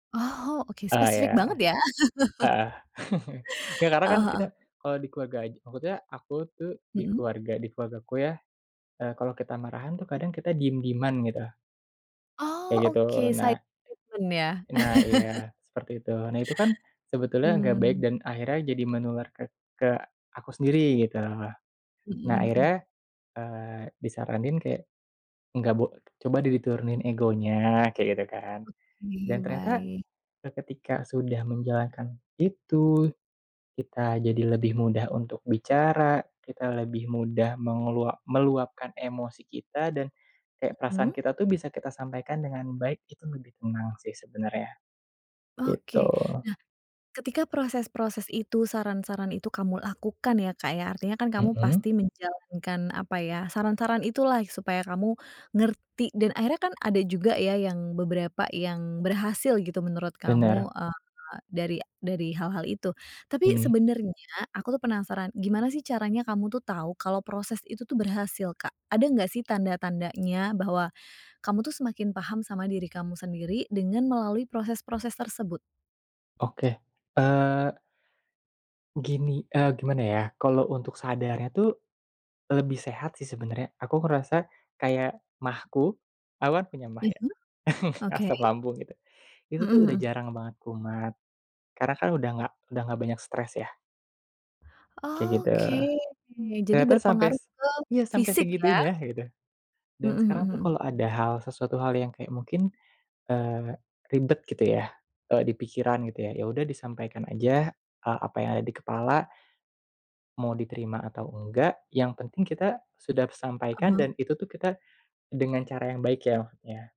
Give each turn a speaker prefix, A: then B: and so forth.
A: Oh, oke
B: Ah iya,
A: spesifik banget ya.
B: heeh. Ya karena kan
A: Heeh heeh.
B: kita kalau di keluarga aj maksudnya, aku tuh di
A: Mhm.
B: keluarga di keluargaku ya, eee, kalo kita marahan tuh kadang kita diem-dieman gitu. Kayak
A: Oh,
B: gitu
A: oke silent
B: nah.
A: treatment ya?
B: Nah iya, seperti itu. Nah itu kan sebetulnya gak baik
A: Mmm.
B: dan akhirnya jadi menular ke ke aku sendiri gitu.
A: Mhm
B: Nah,
A: mhm.
B: akhirnya, eee, disaranin kayak nggak bo coba deh diturunin egonya kayak gitu kan,
A: Oke,
B: dan ternyata
A: baik.
B: seketika sudah menjalankan itu, kita jadi lebih mudah untuk bicara, kita lebih mudah melu meluapkan emosi kita, dan kayak perasaan
A: Mhm.
B: kita tuh bisa kita sampaikan dengan baik itu lebih tenang sih sebenernya, gitu.
A: Oke, nah ketika proses-proses itu saran-saran itu kamu lakukan ya, Kak, ya, artinya kan kamu
B: Mhm.
A: pasti menjalankan, apa ya saran-saran itulah supaya kamu ngerti dan akhirnya kan ada juga ya yang beberapa yang berhasil gitu menurut kamu,
B: Benar.
A: eee, dari dari hal-hal itu. Tapi
B: Mhm.
A: sebenarnya aku penasaran gimana sih caranya kamu tuh tahu kalau proses itu tuh berhasil, Kak? Ada enggak sih tanda-tandanya bahwa kamu tuh semakin paham sama diri kamu sendiri dengan melalui proses-proses tersebut?
B: Oke, eee. Gini, eee, gimana ya kalau untuk sadar nya tuh, lebih sehat sih sebenernya aku ngerasa kayak maag ku, aku kan punya maag ya.
A: Mhm, oke.
B: Asam lambung gitu, itu
A: Mhm
B: tuh udah
A: mhm.
B: jarang banget kumat karena kan udah gak udah nggak banyak stress ya. Kayak gitu.
A: Oke, jadi
B: Ternyata sampe
A: berpengaruh ke
B: iya sampe
A: fisik ya?
B: segitunya gitu. Dan
A: Mhm
B: sekarang
A: mhm
B: tuh
A: mhm.
B: kalo ada hal sesuatu hal yang kayak mungkin, eee, ribet gitu ya, eee, dipikiran gitu ya yaudah disampaikan aja apa yang ada di kepala, mau diterima atau engga yang penting kita sudah
A: Ah
B: sampaikan
A: hah.
B: dan itu tuh kita dengan cara yang baik ya maksudnya.